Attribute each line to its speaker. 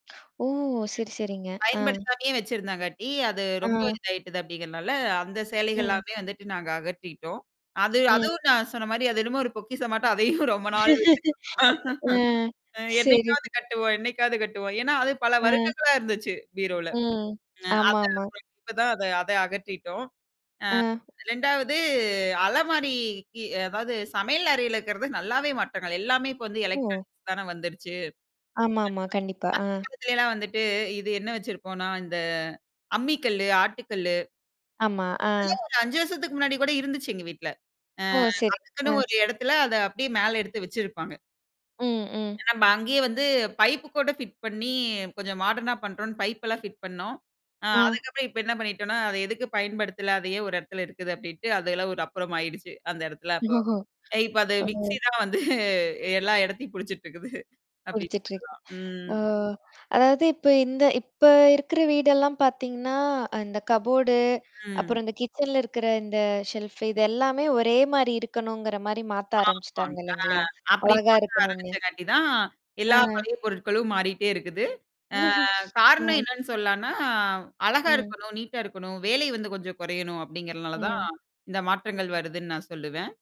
Speaker 1: ஓ! சரி, சரிங்க. அ.
Speaker 2: பயன்படுத்தாமயே வச்சிருந்தாங்காட்டி, அது ரொம்ப
Speaker 1: அ.
Speaker 2: இதாயிட்டது அப்படிங்கறதால, அந்தச்
Speaker 1: ம்.
Speaker 2: சேலைகள்லாமே வந்துட்டு நாங்க அகற்றிட்டோம். அது
Speaker 1: ம்.
Speaker 2: அதுவும் நான் சொன்ன மாதிரி அது என்னமோ ஒரு பொக்கிஷம் மாட்டம் அதையும் ரொம்ப நாள் வச்சிக்கிட்ருந்தோம்.
Speaker 1: அ.
Speaker 2: அ
Speaker 1: சரி.
Speaker 2: என்னைக்காவது கட்டுவோம் என்னைக்காவது கட்டுவோம். ஏன்னா, அது பல
Speaker 1: அ.
Speaker 2: வருடங்களா இருந்துச்சு, பீரோவுல.
Speaker 1: ம்.
Speaker 2: அ, அத
Speaker 1: ஆமாமா.
Speaker 2: [unintelligible] இப்ப தான் அத அத அகற்றிட்டோம்.
Speaker 1: அ.
Speaker 2: 2வது அலமாரிக்கு அதாவது சமையல் அறையில இருக்குறது நல்லாவே மாற்றங்கள். எல்லாமே இப்போ
Speaker 1: ஓ!
Speaker 2: எலெக்ட்ரானிக்ஸ் தானே வந்துருச்சு. [unintelligible] அ,
Speaker 1: ஆமாமா, கண்டிப்பா. அ.
Speaker 2: அந்தக் காலத்துல எல்லாம் வந்துட்டு இது என்ன வச்சிருப்போம்னா, இந்த அம்மிக்கல்லு, ஆட்டுக்கல்லு.
Speaker 1: ஆமா.
Speaker 2: அதெல்லாம்
Speaker 1: அ.
Speaker 2: ஒரு 5 வருஷத்துக்கு முன்னாடி கூட இருந்துச்சு, எங்க வீட்டுல. அ
Speaker 1: ஓ! சரி.
Speaker 2: அதுக்குன்னு
Speaker 1: அ.
Speaker 2: ஒரு இடத்துல, அத அப்படியே மேல எடுத்து வச்சிருப்பாங்க.
Speaker 1: ம், ம்.
Speaker 2: ஆமா. அங்கயே வந்து பைப் கூட ஃபிட் பண்ணி, கொஞ்சம் மாடர்னா பண்றோம்ன்னு, பைப் எல்லாம் ஃபிட் பண்ணோம். அ
Speaker 1: ம்.
Speaker 2: அதுக்கு அப்புறம் இப்ப என்ன பண்ணிட்டோம்னா, அது எதுக்கு பயன்படுத்தல? அதையே ஒரு இடத்துல இருக்குது? அப்படின்ட்டு அது எல்லாம் ஒரு அப்புறம் ஆயிடுச்சு. அந்த இடத்துல அப்போ.
Speaker 1: ஒஹோஹோ,
Speaker 2: அ இப்ப அது
Speaker 1: ஓஹோ!
Speaker 2: மிக்ஸி தான் வந்து எல்லா இடத்தையும் புடிச்சுக்கிட்டு இருக்குது. அப்படின்னு
Speaker 1: குடுச்சிட்ருக்.
Speaker 2: சொல்லலாம். ம்.
Speaker 1: ஓ! அதாவது இப்ப இந்த இப்ப இருக்கிற வீடு எல்லாம் பாத்தீங்கன்னா, அந்தக் கப்போர்டு,
Speaker 2: ம்.
Speaker 1: அப்புறம் இந்தக் கிட்சன்ல இருக்கிற இந்த ஷெல்ஃப், இதெல்லாமே ஒரே மாதிரி இருக்கணுங்கிற மாதிரி மாத்த
Speaker 2: ஆமா.
Speaker 1: ஆரம்பிச்சிட்டாங்க
Speaker 2: ஆ,
Speaker 1: இல்லீங்களா?
Speaker 2: அப்படி
Speaker 1: அழகா
Speaker 2: மாத்த
Speaker 1: இருக்கணும்னு.
Speaker 2: ஆரம்பிச்சங்காட்டி தான், எல்லா
Speaker 1: அ.
Speaker 2: பழைய பொருட்களும் மாறிட்டே இருக்குது. அ, காரணம்
Speaker 1: ம்.
Speaker 2: என்னன்னு சொல்லான்னா. அழகா
Speaker 1: ம்.
Speaker 2: இருக்கணும். நீட்டா இருக்கணும். வேலை வந்து கொஞ்சம் குறையணும் அப்படிங்கறதுனால தான்,
Speaker 1: ம்.
Speaker 2: இந்த மாற்றங்கள் வருதுன்னு நான் சொல்லுவேன்.